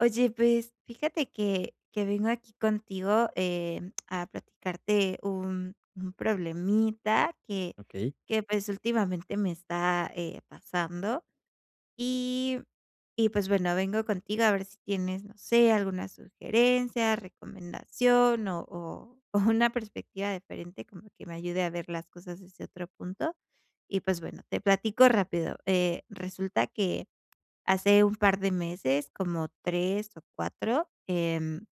Oye, pues fíjate que que vengo aquí contigo, eh, a platicarte un un problemita que Okey. que, pues últimamente me está, eh, pasando, y y pues bueno vengo contigo a ver si tienes, no sé alguna sugerencia, recomendación o o o una perspectiva diferente como que me ayude a ver las cosas desde otro punto y, pues, bueno te platico rápido. Eh, resulta que hace un par de meses, como 3 o 4, em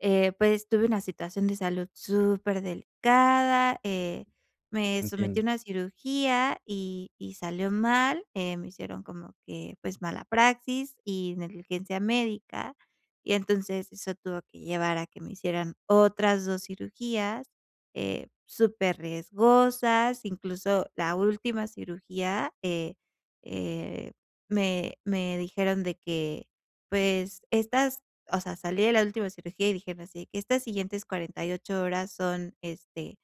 eh, pues tuve una situación de salud súper delicada, eh, me sometí Entiendo. a una cirugía y y salió mal, eh, me hicieron como que pues mala praxis y negligencia médica, y entonces eso tuvo que llevar a que me hicieran otras 2 cirugías, eh, súper riesgosas, incluso la última cirugía, eh, eh, me me dijeron de que, pues, estas, o sea, salí de la última cirugía y dijeron así, que: "Estas siguientes 48 horas son, este,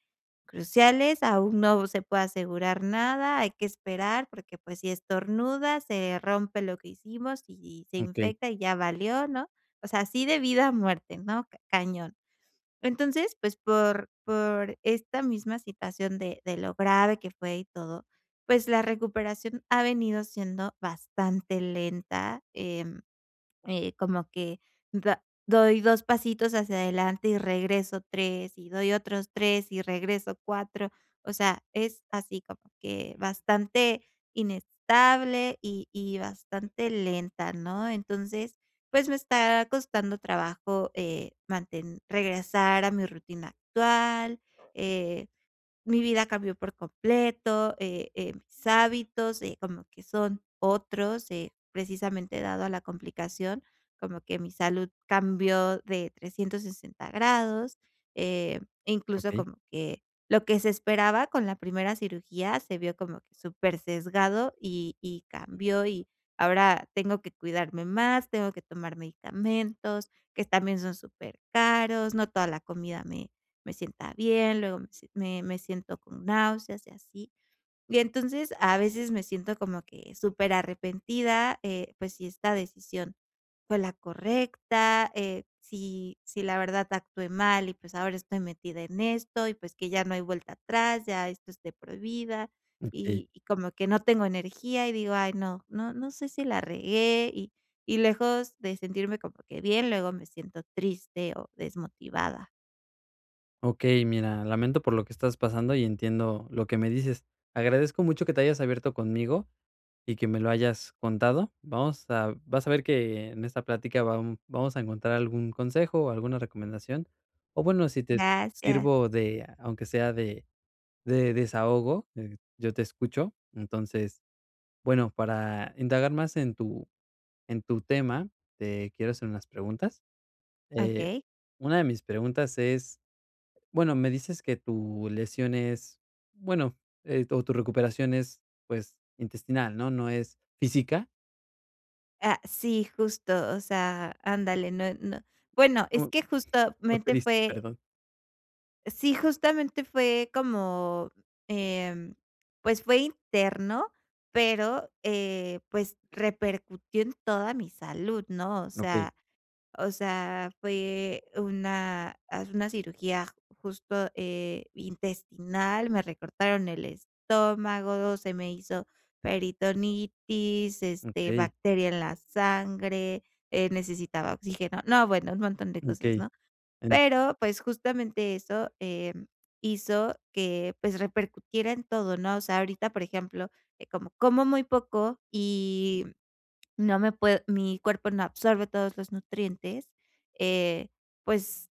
cruciales, aún no se puede asegurar nada, hay que esperar porque, pues si estornuda, se rompe lo que hicimos, y se Okey. infecta y ya valió", ¿no? O sea, así de vida a muerte, ¿no? Cañón. Entonces, pues, por por esta misma situación de de lo grave que fue y todo, pues, la recuperación ha venido siendo bastante lenta. Eh, eh, como que da doy 2 pasitos hacia adelante y regreso 3 y doy otros 3 y regreso 4, o sea, es así como que bastante inestable y y bastante lenta, ¿no? Entonces, pues me está costando trabajo, eh, manten regresar a mi rutina actual. Eh, mi vida cambió por completo, eh, eh, mis hábitos, eh, como que son otros, eh, precisamente dado a la complicación, como que mi salud cambió de 360 grados, eh, incluso Okey. como que lo que se esperaba con la primera cirugía se vio como súper sesgado y y cambió, y ahora tengo que cuidarme más, tengo que tomar medicamentos, que también son súper caros, no toda la comida me me sienta bien, luego me si me me siento con náuseas y así. Y entonces a veces me siento como que súper arrepentida, eh, pues, si esta decisión fue la correcta, eh, si si la verdad actué mal y, pues, ahora estoy metida en esto, y, pues, que ya no hay vuelta atrás, ya esto es de por vida Okey. y y como que no tengo energía, y digo: "Ay no, no no sé si la regué", y y lejos de sentirme como que bien, luego me siento triste o desmotivada. Okey, mira, lamento por lo que estás pasando y entiendo lo que me dices. Agradezco mucho que te hayas abierto conmigo y que me lo hayas contado. Vamos a vas a ver que en esta plática va vamos a encontrar algún consejo o alguna recomendación, o bueno, si te Gracias. sirvo de, aunque sea de de desahogo, eh, yo te escucho. Entonces, bueno, para indagar más en tu en tu tema, te quiero hacer unas preguntas, eh, Okey. una de mis preguntas es, bueno, me dices que tu lesión es, bueno, eh, o tu recuperación es, pues, intestinal, ¿no? No es física. Ah, sí justo, o sea, ándale, no no bueno, es Como que justamente triste, fue perdón. Sí, justamente fue como, em, pues, fue interno, pero, eh, pues, repercutió en toda mi salud ¿no? O Okey. sea o sea, fue una, hace una cirugía justo, eh, intestinal, me recortaron el estómago, se me hizo peritonitis, este, Okey. bacteria en la sangre, eh, necesitaba oxígeno. No, bueno, un montón de cosas, Okey ¿no? en. Pero, pues, justamente eso, eh, hizo que, pues, repercutiera en todo, ¿no? O sea, ahorita, por ejemplo, eh, como como muy poco y no me puedo mi cuerpo no absorbe todos los nutrientes, eh, pues,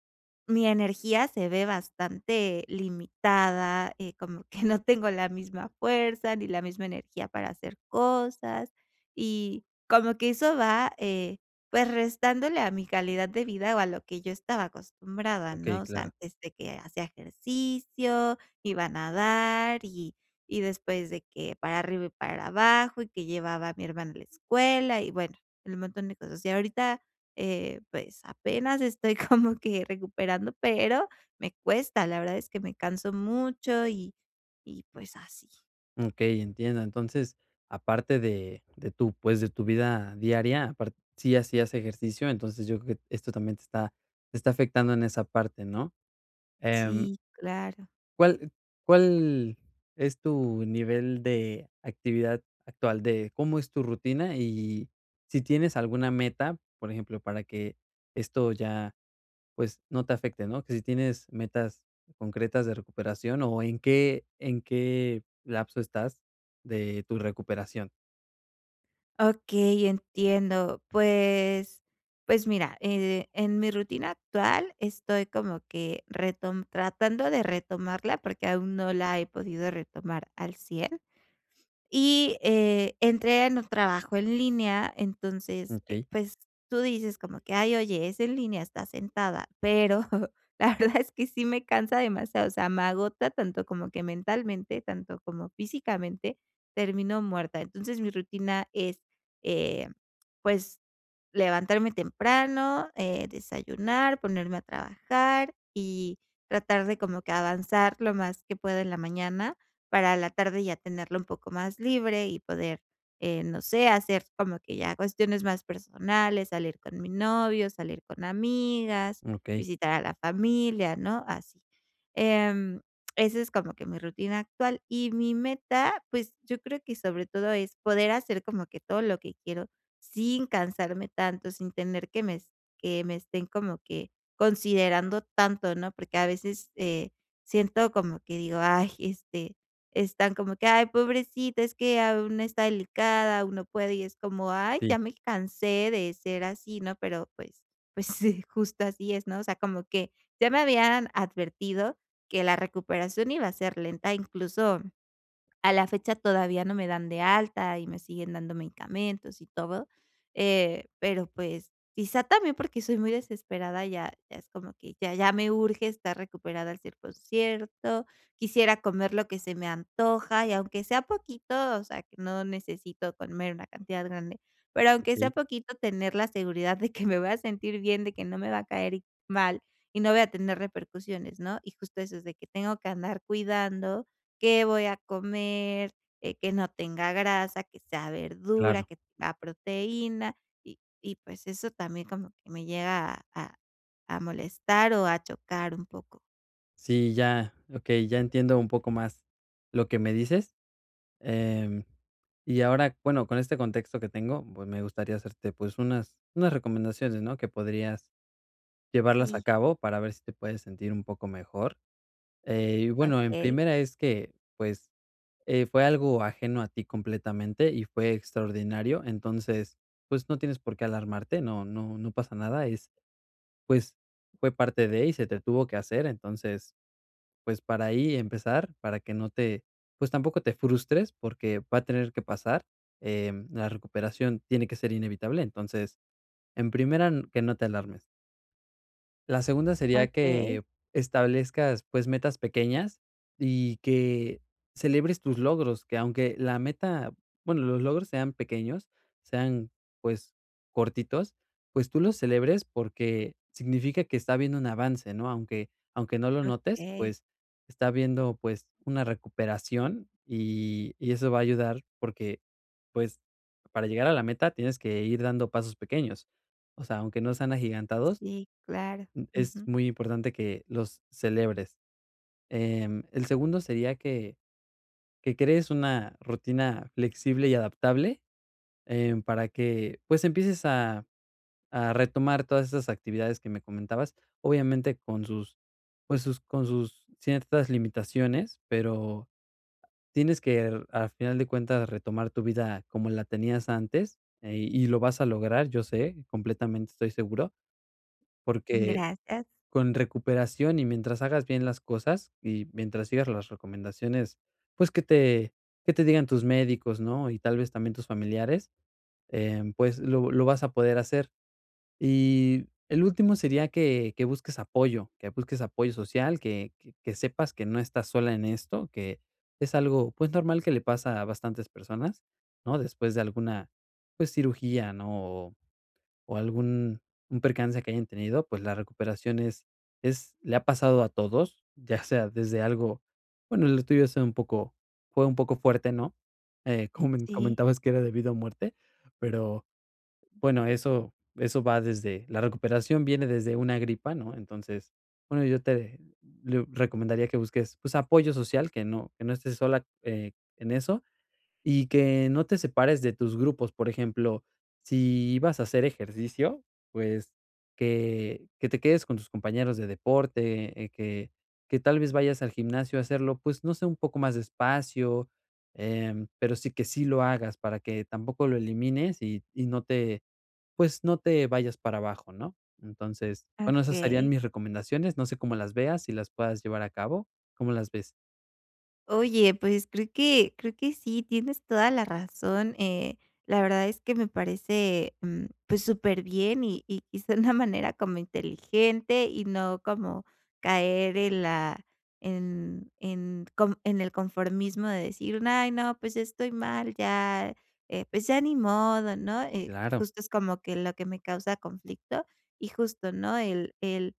mi energía se ve bastante limitada, eh, como que no tengo la misma fuerza, ni la misma energía para hacer cosas, y como que eso va, eh, pues, restándole a mi calidad de vida o a lo que yo estaba acostumbrada, Okey, ¿no? O sea, claro. antes de que hacía ejercicio, iba a nadar y, y después de que para arriba y para abajo, y que llevaba a mi hermano en la escuela y bueno, el montón de cosas. Y ahorita, eh, pues apenas estoy como que recuperando, pero me cuesta. La verdad es que me canso mucho y y pues así. Okey, entiendo. Entonces, aparte de de tu, pues, de tu vida diaria apar si hacías ejercicio, entonces, yo creo que esto también te está te está afectando en esa parte ¿no? Em Sí, claro. ¿Cuál cuál es tu nivel de actividad actual, de cómo es tu rutina? Y si tienes alguna meta, por ejemplo, para que esto ya, pues, no te afecte, ¿no? ¿Qué si tienes metas concretas de recuperación o en qué en qué lapso estás de tu recuperación? Okey, entiendo. Pues pues, mira, eh, en mi rutina actual estoy como que retom tratando de retomarla, porque aún no la he podido retomar al 100 y, eh, entre en un trabajo en línea, entonces, eh, Okey. pues, tú dices como que, ay, oye, es en línea, estás sentada, pero la verdad es que sí me cansa demasiado, o sea, me agota tanto como que mentalmente, tanto como físicamente, termino muerta. Entonces, mi rutina es, eh, pues, levantarme temprano, eh, desayunar, ponerme a trabajar y tratar de como que avanzar lo más que puedo en la mañana, para en la tarde ya tenerlo un poco más libre y poder, eh, no sé, hacer como que ya cuestiones más personales, salir con mi novio, salir con amigas, Okey. visitar a la familia, ¿no?, así. Em, esa es como que mi rutina actual. Y mi meta, pues, yo creo que sobre todo es poder hacer como que todo lo que quiero sin cansarme tanto, sin temer que me es que me estén como que considerando tanto, ¿no? Porque, a veces, eh, siento como que digo: "Ay", este, están como que: "Ay, pobrecita, es que aún está delicada, aún no puede", y es como, ay, Sí. ya me cansé de ser así, ¿no? Pero, pues pues, justo así es, ¿no? O sea, como que ya me habían advertido que la recuperación iba a ser lenta, incluso a la fecha, todavía no me dan de alta y me siguen dando medicamentos y todo, eh, pero, pues, quizá también porque soy muy desesperada, ya ya es como que ya ya me urge estar recuperada al 100% quisiera comer lo que se me antoja y, aunque sea poquito, o sea, que no necesito comer una cantidad grande, pero aunque sea Okey. poquito, tener la seguridad de que me voy a sentir bien, de que no me va a caer mal, y no voy a tener repercusiones, ¿no? Y justo eso es de que tengo que andar cuidando qué voy a comer, eh, que no tenga grasa, que sea verdura, Claro. que tenga proteína. Y y, pues, eso también como que me llega a a molestar o a chocar un poco. Sí, ya, okey, ya entiendo un poco más lo que me dices. Em, y ahora, bueno, con este contexto que tengo, pues me gustaría hacerte, pues unas unas recomendaciones, ¿no? Que podrías llevarlas a Sí. cabo para ver si te puedes sentir un poco mejor. Eh, y, bueno, en Okey. primera es que, pues, eh, fue algo ajeno a ti completamente y fue extraordinario. Entonces, pues, no tienes por qué alarmarte, no no no pasa nada, es pues, fue parte de y se te tuvo que hacer. Entonces, pues, para ahí empezar, para que no te, pues, tampoco te frustres porque va a tener que pasar, em, la recuperación tiene que ser inevitable. Entonces, en primera, que no te alarmes. La segunda sería Okey. que establezcas, pues, metas pequeñas y que celebres tus logros, que aunque la meta bueno, los logros sean pequeños, sean, pues, cortitos, pues tú los celebres porque significa que está habiendo un avance, ¿no? Aunque aunque no lo notes, Okey. pues, está habiendo, pues, una recuperación y y eso va a ayudar porque, pues, para llegar a la meta tienes que ir dando pasos pequeños. O sea, aunque no sean agigantados, Sí, claro, mm, es ujú. muy importante que los celebres. Em, el segundo sería que que crees una rutina flexible y adaptable. Em, para que, pues, empieces a a retomar todas esas actividades que me comentabas, obviamente, con sus, pues, sus con sus ciertas limitaciones, pero tienes que, al final de cuentas, retomar tu vida como la tenías antes, eh, y lo vas a lograr, yo sé, completamente estoy seguro. Porque Gracias. con recuperación y mientras hagas bien las cosas y mientras sigas las recomendaciones, pues, que te que te digan tus médicos, ¿no?, y tal vez también tus familiares, eh, pues, lo lo vas a poder hacer. Y el último sería que, que busques apoyo. Que busques apoyo social, que que sepas que no estás sola en esto. Que es algo, pues, normal que le pasa a bastantes personas, ¿no? Después de alguna, pues, cirugía, ¿no? O o algún un percance que hayan tenido, pues, la recuperación es es, le ha pasado a todos, ya sea desde algo, bueno, lo tuyo ha sido un poco fue un poco fuerte, ¿no? Eh, como me en Sí. comentabas que era de vida o muerte, pero, bueno, eso eso va desde la recuperación, viene desde una gripa, ¿no? Entonces, bueno, yo te le- recomendaría que busques, pues, apoyo social, que no que no estés sola, eh, en eso y que no te separes de tus grupos. Por ejemplo, si ibas a hacer ejercicio, pues, que que te quedes con tus compañeros de deporte, eh, que que tal vez vayas al gimnasio a hacerlo, pues, no sé, un poco más despacio, em, pero sí, que sí lo hagas para que tampoco lo elimines y, y no te, pues, no te vayas para abajo, ¿no? Entonces, bueno, esas serían Okey. mis recomendaciones, no sé cómo las veas, si las puedas llevar a cabo. ¿Cómo las ves? Oye, pues, creo que creo que sí, tienes toda la razón. Eh, la verdad es que me parece, mm, pues, superbién, y y quizá de una manera como inteligente, y no como caer en la en en con en el conformismo de decir: "Ay no, pues, estoy mal ya, eh, pues ya ni modo, ¿no?" Eh, Claro. justo es como que lo que me causa conflicto, y justo, ¿no?, el el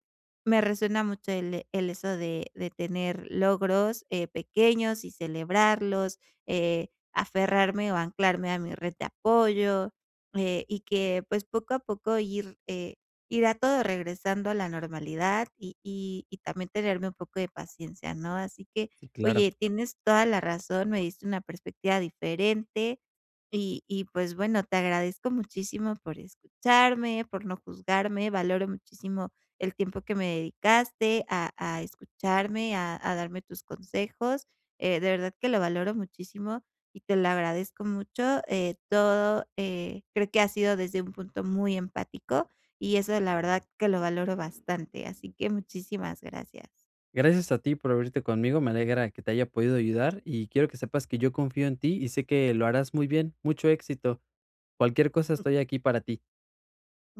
me resuena mucho el, eh, el eso de de tener logros, eh, pequeños y celebrarlos, eh, aferrarme o anclarme a mi red de apoyo, eh, y que, pues, poco a poco ir, eh, irá todo regresando a la normalidad y y y también tenerme un poco de paciencia, ¿no? Así que, Sí, claro. oye, tienes toda la razón, me diste una perspectiva diferente y y, pues, bueno te agradezco muchísimo por escucharme, por no juzgarme, valoro muchísimo el tiempo que me dedicaste a a escucharme, a a darme tus consejos. Eh, de verdad que lo valoro muchísimo y te lo agradezco mucho, eh, todo, eh, creo que ha sido desde un punto muy empático, y eso la verdad que lo valoro bastante, así que, muchísimas gracias. Gracias a ti por abrirte conmigo. Me alegra que te haya podido ayudar y quiero que sepas que yo confío en ti y sé que lo harás muy bien. Mucho éxito, cualquier cosa Mm. estoy aquí para ti. Mm.